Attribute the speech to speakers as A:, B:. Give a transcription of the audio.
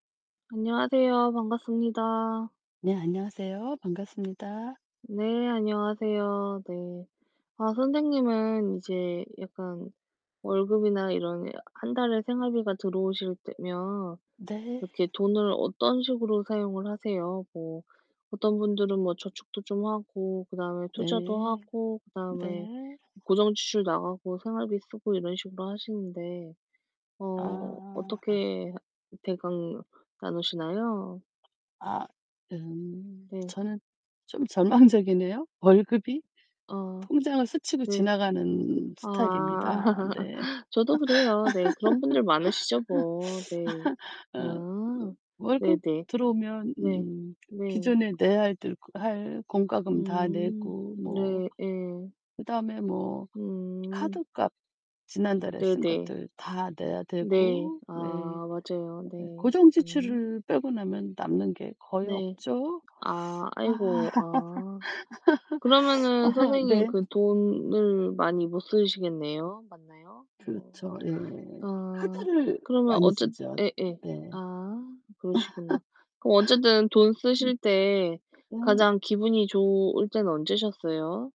A: 안녕하세요. 반갑습니다.
B: 네 안녕하세요. 반갑습니다.
A: 네 안녕하세요. 네. 아 선생님은 이제 약간 월급이나 이런 1 달에 생활비가 들어오실 때면
B: 네.
A: 이렇게 돈을 어떤 식으로 사용을 하세요? 뭐 어떤 분들은 뭐 저축도 좀 하고 그다음에 투자도
B: 네.
A: 하고 그다음에
B: 네.
A: 고정지출 나가고 생활비 쓰고 이런 식으로 하시는데 어
B: 아.
A: 어떻게 하 대강 나누시나요?
B: 아. 음.
A: 네.
B: 저는 좀 절망적이네요, 월급이.
A: 아
B: 통장을 스치고
A: 네.
B: 지나가는
A: 아.
B: 스타일입니다. 네.
A: 저도 그래요. 네. 그런 분들 많으시죠 뭐. 네.
B: 어. 뭐
A: 아.
B: 월급
A: 네네.
B: 들어오면
A: 네.
B: 음
A: 네.
B: 기존에 내야 할 들 할 공과금 다
A: 음
B: 내고 뭐
A: 네. 예.
B: 그다음에 뭐
A: 음.
B: 카드값 지난달에 쓴
A: 네네.
B: 것들 다 내야
A: 네.
B: 되고
A: 아
B: 네.
A: 맞아요.
B: 예예
A: 네.
B: 고정
A: 음.
B: 지출을 빼고 나면 남는 게 거의
A: 네.
B: 없죠.
A: 아
B: 아.
A: 아이고. 아. 그러면은 선생님
B: 네.
A: 그 돈을 많이 못 쓰시겠네요. 맞나요? 어.
B: 그렇죠. 예.
A: 아.
B: 카드를
A: 그러면
B: 많이
A: 어쨌
B: 쓰죠.
A: 예예.
B: 네.
A: 아. 그러시구나. 그럼 어쨌든 돈 쓰실 때
B: 음. 네.
A: 가장 기분이 좋을 때는 언제셨어요?